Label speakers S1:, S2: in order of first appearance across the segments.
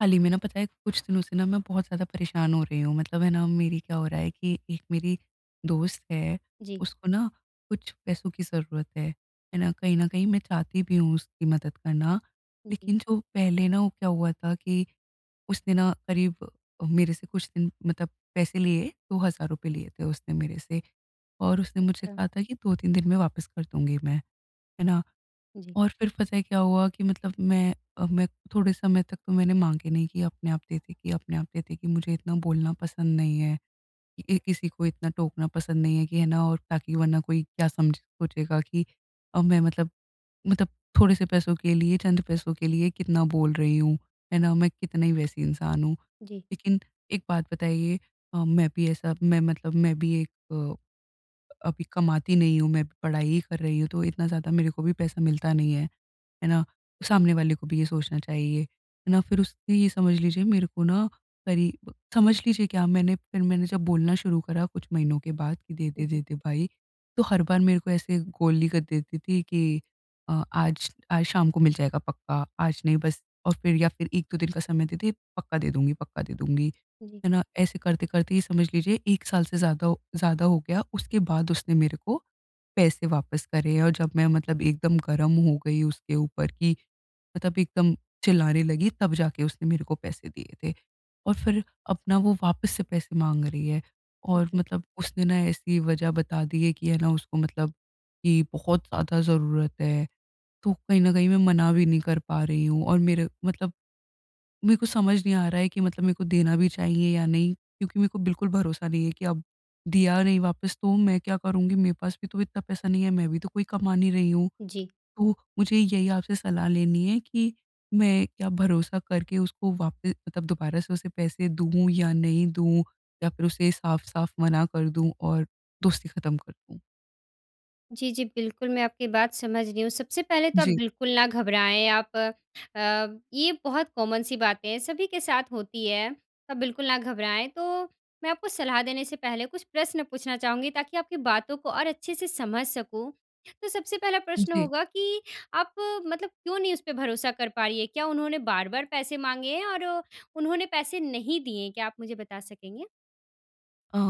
S1: हाल ही में ना पता है, कुछ दिनों से ना मैं बहुत ज़्यादा परेशान हो रही हूँ। मतलब है ना, मेरी क्या हो रहा है कि, एक मेरी दोस्त है,
S2: जी।
S1: उसको ना कुछ पैसों की ज़रूरत है। है ना, कहीं न कहीं मैं चाहती भी हूँ उसकी मदद करना।
S2: जी।
S1: लेकिन जो पहले ना वो क्या हुआ था? कि, उसने ना क़रीब, मेरे से कुछ दिन मतलब पैसे लिए, ₹2,000 लिए थे उसने मेरे से और उसने मुझसे
S2: अच्छा।
S1: कहा था की, 2-3 दिन में वापस कर दूँगी मैं, है ना।
S2: जी।
S1: और फिर पता है क्या हुआ? कि मतलब मैं अ, मैं थोड़े समय तक तो मैंने माँगे नहीं कि अपने आप दे देगी कि अपने आप दे देगी, मुझे इतना बोलना पसंद नहीं है। ए किसी को इतना टोकना पसंद नहीं है, कि है ना और ताकि वरना कोई क्या समझ सोचेगा कि अब मैं मतलब मतलब, थोड़े से पैसों के लिए, चंद पैसों के लिए, कितना बोल रही हूँ। है ना, मैं कितने ही वैसी इंसान हूँ।
S2: जी।
S1: लेकिन एक बात बताइए अ, मैं भी ऐसा मैं मतलब मैं भी एक अ, अभी कमाती नहीं हूँ, मैं पढ़ाई ही कर रही हूँ, तो इतना ज़्यादा मेरे को भी पैसा मिलता नहीं है। है ना,
S2: जी।
S1: सामने वाले को भी ये सोचना चाहिए। है ना, फिर उससे ये समझ लीजिए मेरे को ना, क़रीब समझ लीजिए क्या मैंने फिर मैंने जब बोलना शुरू करा कुछ महीनों के बाद कि दे,
S2: हुँ,
S1: दे दे
S2: जी।
S1: दे, भाई। तो हर बार मेरे को ऐसे गोली कर देती थी कि अ, आज आज, शाम को मिल जाएगा पक्का, आज नहीं बस और फिर या फिर 1-2 दिन का समय दे, दे, पक्का दे दूँगी पक्का दे दूँगी।
S2: उ, जी।
S1: है ना, ऐसे करते-करते ही समझ लीजिए 1 साल से ज़्यादा हो ज़्यादा हो गया, उसके बाद उसने मेरे को, पैसे वापस करे और जब मैं मतलब एकदम गरम हो गई उसके ऊपर, कि मतलब एकदम चिल्लाने लगी, तब जाके उसने मेरे को पैसे दिए थे और फिर अपना वो वापस से पैसे माँग रही है।
S2: अ,
S1: और
S2: जी।
S1: मतलब उसने ना ऐसी वज़ह बता दी है कि है ना उसको मतलब, कि बहुत ज़्यादा ज़रूरत है। तो कहीं न कहीं मैं मना भी नहीं कर पा रही हूँ और मेर मतलब मेरे को समझ नहीं आ रहा है कि, मतलब मेरे को देना भी चाहिए या नहीं क्योंकि मेरे को बिल्कुल भरोसा नहीं है, कि अब दिया नहीं वापिस, तो मैं क्या करूँगी? मेरे पास भी तो इतना पैसा नहीं है, मैं भी तो कोई कमा नहीं रही हूँ।
S2: जी।
S1: तो, मुझे यही आपसे सलाह लेनी है कि, मैं क्या भरोसा करके उसको वापि मतलब दोबारा से उसे पैसे दूँ या नहीं दूँ? या फिर उसे साफ़-साफ़ मना कर दूँ और दोस्ती ख़त्म कर दूँ?
S2: जी, जी, बिल्कुल, मैं आपकी बात समझ रही हूँ। सबसे पहले तो आप
S1: जी।
S2: बिल्कुल ना घबराएँ आप अ, ये बहुत कॉमन सी बातें हैं, सभी के साथ होती हैं। आप बिल्कुल ना घबराएँ। तो मैं आपको सलाह देने से पहले कुछ प्रश्न पूछना चाहूँगी, ताकि आपकी बातों को और अच्छे से समझ सकूँ। तो सबसे पहला प्रश्न
S1: जी।
S2: होगा कि आप मतलब क्यों नहीं उस पे भरोसा कर पा रही हैं? क्या उन्होंने बार-बार पैसे माँगे हैं और उन्होंने पैसे नहीं दिए हैं? क्या आप मुझे बता सकेंगे?
S1: अ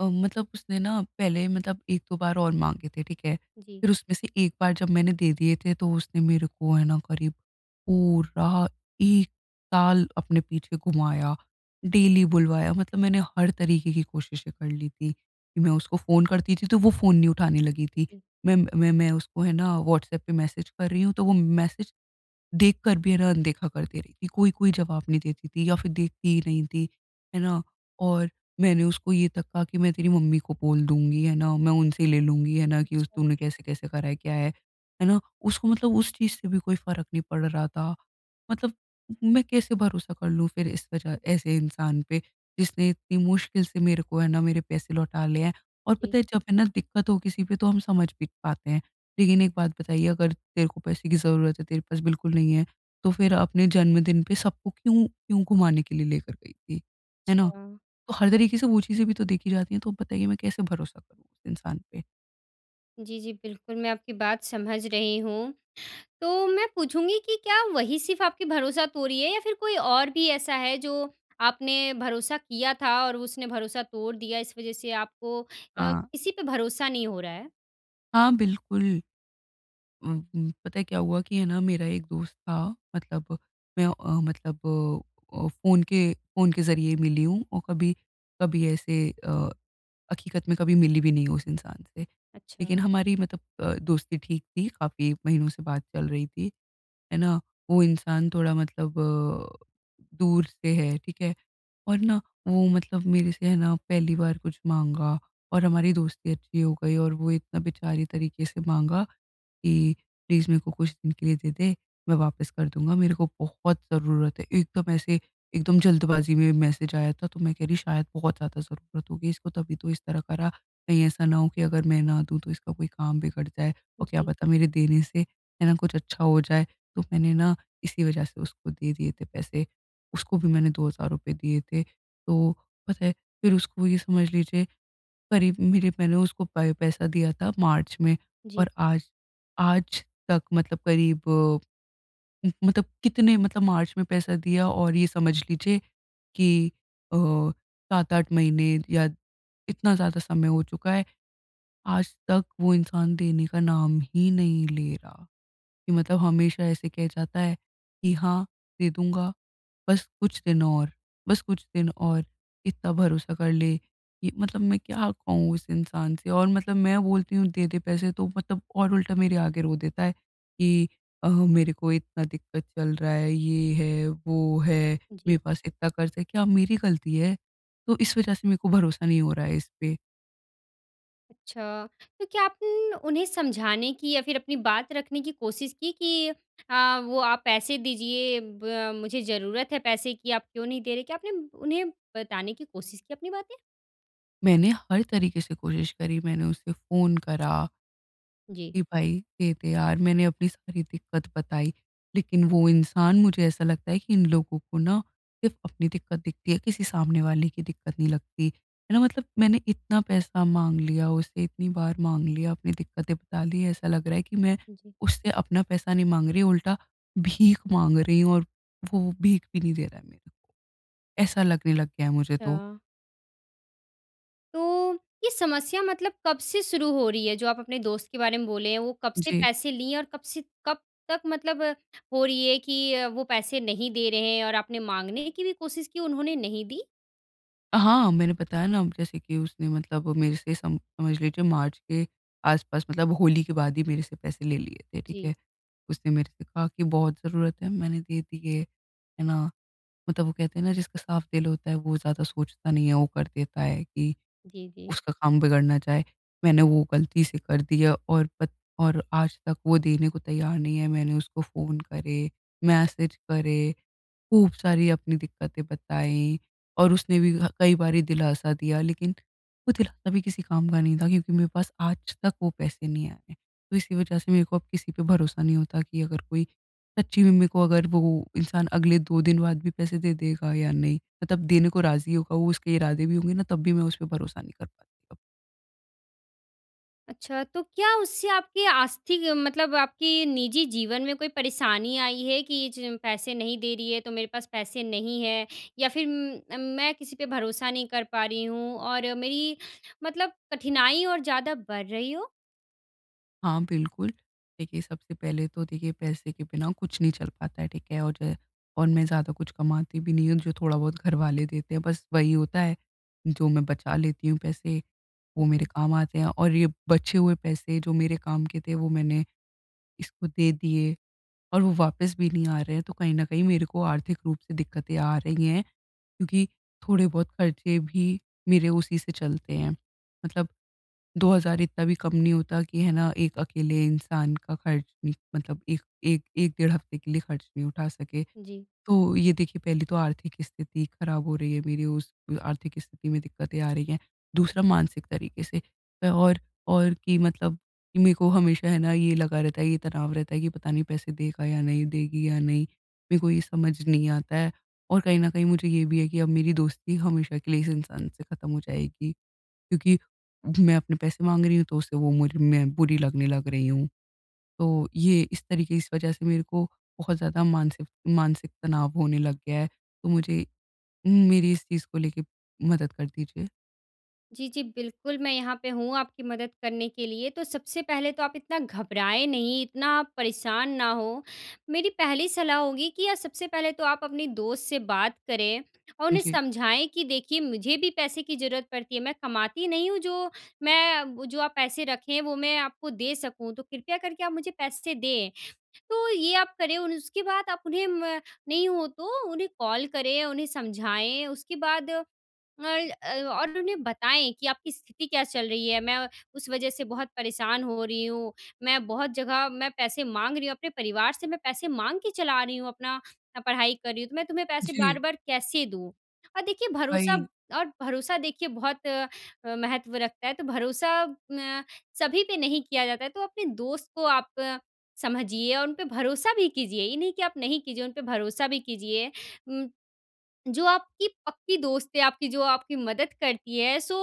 S1: अ, मतलब उसने ना पहले मतलब 1-2 बार और माँगे थे, ठीक है?
S2: जी।
S1: फिर उसमें से एक बार जब मैंने दे दिए थे, तो उसने मेरे को, है ना, करीब पूरा 1 साल अपने पीछे घुमाया। डेली बुलवाया, मतलब मैंने हर तरीके की कोशिशें कर ली थी कि मैं उसको फ़ोन करती थी, तो वो फ़ोन नहीं उठाने लगी थी।
S2: जी।
S1: मैं मैं मैं उसको, है ना, व्हॉट्सऐप पे मैसेज कर रही हूँ, तो वो मैसेज देख कर भी, है ना, अनदेखा करती रही कि कोई-कोई जवाब नहीं देती थी या फिर देखती ही नहीं थी। है ना? और मैंने उसको ये तक कहा कि, "मैं तेरी मम्मी को बोल दूँगी। है ना? मैं उनसे ले लूँगी, है ना, कि उस
S2: अच्छा।
S1: तूने कैसे-कैसे करा है, क्या है। है ना?" उसको मतलब उस चीज़ से भी कोई फ़र्क नहीं पड़ रहा था। मतलब मैं कैसे भरोसा कर लूँ फिर इस वजह ऐसे इंसान पे, जिसने इतनी मुश्किल से मेरे को, है ना, मेरे पैसे लौटा लिए हैं? और
S2: जी।
S1: पता है, जब है ना दिक्कत हो किसी पे, तो हम समझ भी पाते हैं। लेकिन एक बात बताइए, "अगर तेरे को पैसे की ज़रूरत है, तेरे पास बिल्कुल नहीं है, तो फिर अपने जन्मदिन पे सबको क्यों क्यों घुमाने के लिए लेकर गई थी? है ना?"
S2: अच्छा।
S1: तो हर तरीके से वो चीज़ें भी तो देखी जाती हैं, तो अब बताइए, मैं कैसे भरोसा करूँ उस इंसान पे?
S2: जी, जी, बिल्कुल मैं आपकी बात समझ रही हूँ। तो मैं पूछूँगी कि क्या वही सिर्फ़ आपकी भरोसा तोड़ी है? या फ़िर कोई और भी ऐसा है? जो आपने भरोसा किया था और उसने भरोसा तोड़ दिया? इस वजह से आपको अ,
S1: हाँ।
S2: किसी पे भरोसा नहीं हो रहा है?
S1: हाँ बिल्कुल। ऊँ ऊँ, पता है क्या हुआ कि है ना मेरा एक दोस्त था। मतलब मैं अ, मतलब अ अ, फ़ोन के फ़ोन के ज़रिए मिली हूँ। और कभी कभी ऐसे अ, हक़ीकत में कभी मिली भी नहीं हूँ उस इंसान से। लेकिन
S2: अच्छा।
S1: हमारी मतलब अ, दोस्ती ठीक थी, काफ़ी महीनों से बात चल रही थी। है ना, वो इंसान थोड़ा मतलब अ, दूर से है, ठीक है। और ना वो मतलब मेरे से है ना, पहली बार कुछ माँगा और हमारी दोस्ती अच्छी हो गई और वो इतना बेचारे तरीके से माँगा कि प्लीज़ मेरे को कुछ दिन के लिए देदे मैं वापस कर दूँगा। मेरे को बहुत ज़रूरत है। एकदम ऐसे एकदम जल्दबाज़ी में मैसेज आया था। तो मैं कह रही शायद बहुत ज़्यादा ज़रूरत होगी इसको तभी तो इस तरह कर रहा। कहीं ऐसा ना हो कि अगर मैं ना दूँ तो इसका कोई काम बिगड़ जाए और क्या
S2: जी।
S1: पता मेरे देने से है ना, कुछ अच्छा हो जाए। तो मैंने ना इसी वजह से उसको दे दिए थे पैसे। उसको भी मैंने ₹2,000 दिए थे। तो पता है फिर उसको ये समझ लीजिए। करीब मेरे मैंने उसको पै पैसा दिया था मार्च में
S2: जी।
S1: और आज आज तक मतलब करीब मतलब कितने मतलब मार्च में पैसा दिया और ये समझ लीजिए। कि अ, 7-8 महीने या इतना ज़्यादा समय हो चुका है। आज तक वो इंसान देने का नाम ही नहीं ले रहा कि मतलब हमेशा ऐसे कह जाता है कि हाँ दे, दूँगा। बस कुछ दिन और बस कुछ दिन और, इतना भरोसा कर ले। कि मतलब मैं क्या कहूँ उस इंसान से और मतलब मैं बोलती हूँ देदे पैसे तो मतलब और उल्टा मेरे आगे रो देता है, कि अ, मेरे को इतना दिक्कत चल रहा है, ये है वो है
S2: जी।
S1: मेरे पास इतना कर्ज़ है, क्या मेरी गलती है? तो इस वजह से मेरे को भरोसा नहीं हो रहा है इस पे।
S2: अच्छा, तो क्या आपन उन्हें समझाने की या फिर अपनी बात रखने की कोशिश की कि अ, वो आप पैसे दीजिए ब मुझे ज़रूरत है पैसे की, आप क्यों नहीं दे रहे? क्या आपने उन्हें बताने की कोशिश की अपनी बातें?
S1: मैंने हर तरीके से कोशिश करी मैंने उसे फ़ोन करा
S2: जी।
S1: कि भाई दे दे यार मैंने अपनी सारी दिक्कत बताई। लेकिन वो इंसान मुझे ऐसा लगता है कि इन लोगों को न सिर्फ़ अपनी दिक्कत दिखती है, किसी सामने वाले की दिक्कत नहीं लगती। है न? मतलब मैंने इतना पैसा माँग लिया उसे इतनी बार माँग लिया अपनी दिक्कतें बता ली ऐसा लग रहा है कि मैं
S2: जी।
S1: उससे अपना पैसा नहीं माँग रही। उल्टा भीख माँग रही हूँ और वो भीख भी नहीं दे रहा है मेरे को। ऐसा लगने लग गया है मुझे तो।
S2: छ तो ये समस्या मतलब कब से शुरू हो रही है जो आप अपने दोस्त के बारे में बोले हैं वो कब से
S1: जी।
S2: पैसे लिए हैं? और कब से कब तक मतलब हो रही है कि अ, वो पैसे नहीं दे रहे हैं और आपने माँगने की भी कोशिश की उन्होंने नहीं दी?
S1: हाँ, मैंने बताया न जैसे कि उसने मतलब मेरे से सम समझ लीजिए मार्च के आसपास मतलब होली के बाद ही मेरे से पैसे ले लिए थे, ठीक
S2: जी।
S1: है। उसने मेरे से कहा की बहुत ज़रूरत है, मैंने दे दिए। है ना? मतलब वो कहते हैं न जिसका साफ़ दिल होता है वो ज़्यादा सोचता नहीं है, वो कर देता है कि
S2: जी, जी।
S1: उसका काम बिगड़ ना जाए। मैंने वो ग़लती से कर दिया और पत और आज तक वो देने को तैयार नहीं है मैंने उसको फ़ोन करे। मैसेज करे, ख़ूब सारी अपनी दिक्कतें बताई और उसने भी ह कई बारी दिलासा दिया लेकिन वो दिलासा भी किसी काम का नहीं था क्योंकि मेरे पास आज तक वो पैसे नहीं आए। तो इसी वजह से मेरे को अब किसी पे भरोसा नहीं होता कि अगर कोई सच्ची में मेरे को अगर वो इंसान अगले 2 दिन बाद भी पैसे दे देगा या नहीं मतलब देने को राज़ी होगा वो उसके इरादे भी होंगे न तब भी मैं उसपे भरोसा नहीं कर पाती अब।
S2: अच्छा, तो क्या उससे आपकी आस्थि मतलब आपकी निजी जीवन में कोई परेशानी आई है? कि ज पैसे नहीं दे रही है, तो मेरे पास पैसे नहीं है या फिर म मैं किसी पे भरोसा नहीं कर पा रही हूँ और मेरी मतलब कठिनाई और ज़्यादा बढ़ रही हो?
S1: हाँ बिल्कुल, देखिए सबसे पहले तो देखिए पैसे के बिना कुछ नहीं चल पाता है, ठीक है। और और, मैं ज़्यादा कुछ कमाती भी नहीं हूँ, जो थोड़ा बहुत घर वाले देते हैं, बस वही होता है। जो मैं बचा लेती हूँ पैसे,
S2: उ,
S1: वो मेरे
S2: जी।
S1: काम आते हैं और ये, बचे हुए पैसे जो मेरे काम के थे वो मैंने, इसको दे दिए और वो वापस भी नहीं आ रहे हैं, तो कहीं ना कहीं मेरे को आर्थिक रूप से दिक्कतें आ रही हैं, क्योंकि थोड़े बहुत खर्चे भी, मेरे उसी से चलते हैं। मतलब 2000 इतना भी कम नहीं होता कि है ना, एक अकेले इंसान का खर्च, मतलब एक एक एक डेढ़ हफ्ते के लिए ख़र्च नहीं उठा सके।
S2: जी।
S1: तो ये देखिए पहली तो आर्थिक स्थिति ख़राब हो रही है मेरी, उस आर्थिक स्थिति में दिक्कतें आ रही हैं। दूसरा मानसिक तरीके से और और, कि मतलब मेरे को हमेशा है ना ये लगा रहता है, ये तनाव रहता है कि, पता नहीं पैसे देगा या नहीं देगी या नहीं, मेरे को ये समझ नहीं आता है और कहीं न कहीं मुझे ये भी है कि अब मेरी दोस्ती हमेशा के लिए इस इंसान से ख़त्म हो जाएगी। क्योंकि मैं अपने पैसे माँग रही हूँ, तो उसे वो मुर मैं बुरी लगने लग रही हूँ, तो ये इस तरीके इस वज़ह से मेरे को बहुत ज़्यादा मानसिफ मानसिक तनाव होने लग गया है, तो मुझे मेरी इस चीज़ को लेके, मदद कर दीजिए।
S2: जी, जी। बिल्कुल, मैं यहाँ पे हूँ आपकी मदद करने के लिए तो सबसे पहले तो आप इतना घबराएँ नहीं, इतना परेशान ना हो, मेरी पहली सलाह होगी कि अ, सबसे पहले तो आप अपने दोस्त से बात करें और
S1: अ,
S2: उन्हें
S1: जी।
S2: समझाएँ कि देखिए मुझे भी पैसे की ज़रूरत पड़ती है, मैं कमाती नहीं हूँ जो मैं जो आप पैसे रखें वो मैं आपको दे सकूँ तो कृपया करके आप मुझे पैसे दें। तो ये आप करें और उसके बाद आप उन्हें म नहीं हो तो उन्हें कॉल करें, उन्हें समझाएँ उसके बाद अ अ, और उन्हें बताएँ कि आपकी स्थिति क्या चल रही है मैं उस वज़ह से बहुत परेशान हो रही हूँ, मैं बहुत जगह मैं पैसे माँग रही हूँ। अपने परिवार से मैं पैसे माँग के चला रही हूँ, अपना पढ़ाई कर रही हूँ तो मैं तुम्हें पैसे
S1: जी।
S2: बार-बार कैसे दूँ? और देखिए भरोसा
S1: वही।
S2: और भरोसा देखिए बहुत अ, महत्व रखता है तो भरोसा न सभी पे नहीं किया जाता है तो अपने दोस्त को आप समझिए और उन पे भरोसा भी कीजिए ये नहीं कि आप नहीं कीजिए उन पे भरोसा भी कीजिए। उम, जो आपकी पक्की दोस्त है आपकी जो आपकी मदद करती है सो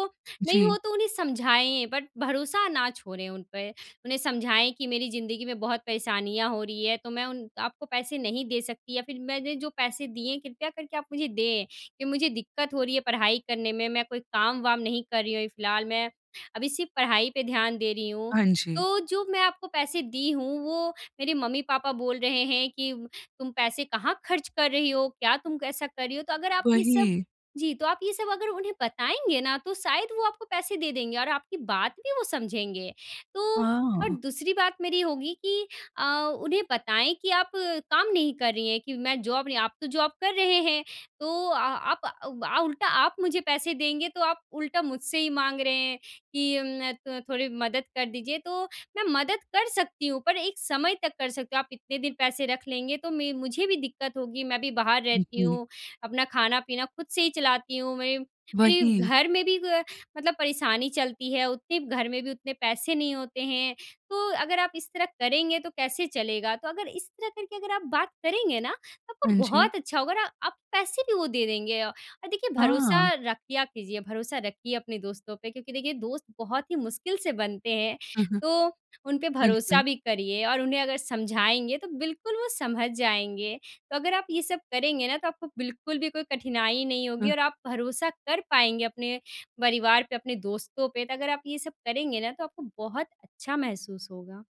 S2: नहीं हो
S1: जी।
S2: तो उन्हें समझाएँ बट भरोसा ना छोड़ें उन पे। उन्हें समझाएँ कि मेरी ज़िंदगी में बहुत परेशानियाँ हो रही हैं तो मैं उन आप को पैसे नहीं दे सकती या फिर मैंने जो पैसे दिए हैं कृपया करके आप मुझे दें कि मुझे दिक्कत हो रही है पढ़ाई करने में, मैं कोई काम-वाम नहीं कर रही हूँ अभी फिलहाल मैं अभी सिर्फ़ पढ़ाई पे ध्यान दे रही हूँ।
S1: हाँ जी।
S2: तो जो मैं आपको पैसे दी हूँ वो मेरे मम्मी-पापा बोल रहे हैं कि, "तुम पैसे कहाँ खर्च कर रही हो? क्या तुम कैसा कर रही हो?" तो अगर आप ये सब
S1: वही।
S2: जी। तो आप ये सब अगर उन्हें बताएँगे ना तो शायद वो आपको पैसे दे देंगे, और आपकी बात भी वो समझेंगे। तो और
S1: हाँ।
S2: दूसरी बात मेरी होगी कि अ, उन्हें बताएँ कि आप काम नहीं कर रही हैं कि मैं जॉब नहीं आप तो जॉब कर रहे हैं तो आ आप उ अ, उल्टा आप मुझे पैसे देंगे तो आप उल्टा मुझसे ही माँग रहे हैं कि उम, अ अ, थोड़ी मदद कर दीजिए तो मैं मदद कर सकती हूँ पर एक समय तक कर सकती हूँ। आप इतने दिन पैसे रख लेंगे तो मैं मुझे भी दिक्कत होगी मैं भी बाहर रहती
S1: बिल्कुल।
S2: हूँ। अपना खाना-पीना खुद से ही चलाती हूँ मेरे मेरे
S1: वही।
S2: घर में भी ग मतलब परेशानी चलती है उतने घर में भी उतने पैसे नहीं होते हैं तो अगर आप इस तरह करेंगे तो कैसे चलेगा? तो अगर इस तरह करके अगर आप बात करेंगे ना तो आपको
S1: हाँ जी।
S2: बहुत अच्छा होगा औ अगर आप पैसे भी वो दे देंगे अ अ, देखिए भरोसा
S1: हाँ।
S2: रखिया कीजिए। भरोसा रखिए अपने दोस्तों पे क्योंकि देखिए दोस्त बहुत ही मुश्किल से बनते हैं
S1: हुँ, हुँ।
S2: तो उन पे भरोसा
S1: बिल्कुल।
S2: भी करिए और उन्हें अगर समझाएँगे तो बिल्कुल वो समझ जाएँगे। तो अगर आप ये सब करेंगे ना तो आपको बिल्कुल भी कोई कठिनाई नहीं होगी
S1: हुँ।
S2: और आप भरोसा कर पाएँगे अपने परिवार पे, अपने दोस्तों पे तो अगर आप ये सब करेंगे ना तो आपको बहुत अच्छा महसूस होगा।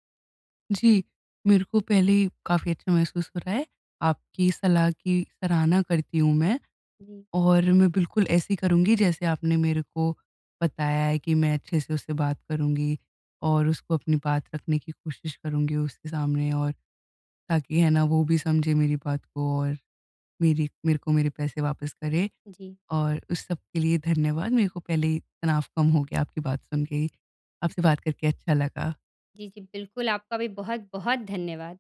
S1: जी। मेरे को पहले ही काफ़ी अच्छा महसूस हो रहा है आपकी इस सलाह की सराहना करती हूँ मैं।
S2: हाँ जी।
S1: और मैं बिल्कुल ऐसे ही करूँगी जैसे आपने मेरे को बताया है कि मैं अच्छे से उससे बात करूँगी और उसको अपनी बात रखने की कोशिश करूँगी उसके सामने। और ताकि है ना वो भी समझे मेरी बात को और मेरी मेरे को मेरे पैसे वापस करें
S2: जी।
S1: और उस सब के लिए धन्यवाद। मेरे को पहले ही तनाव कम हो गया आपकी बात सुन के ही, आपसे बात करके अच्छा लगा।
S2: जी, जी। बिल्कुल आपका भी बहुत-बहुत धन्यवाद।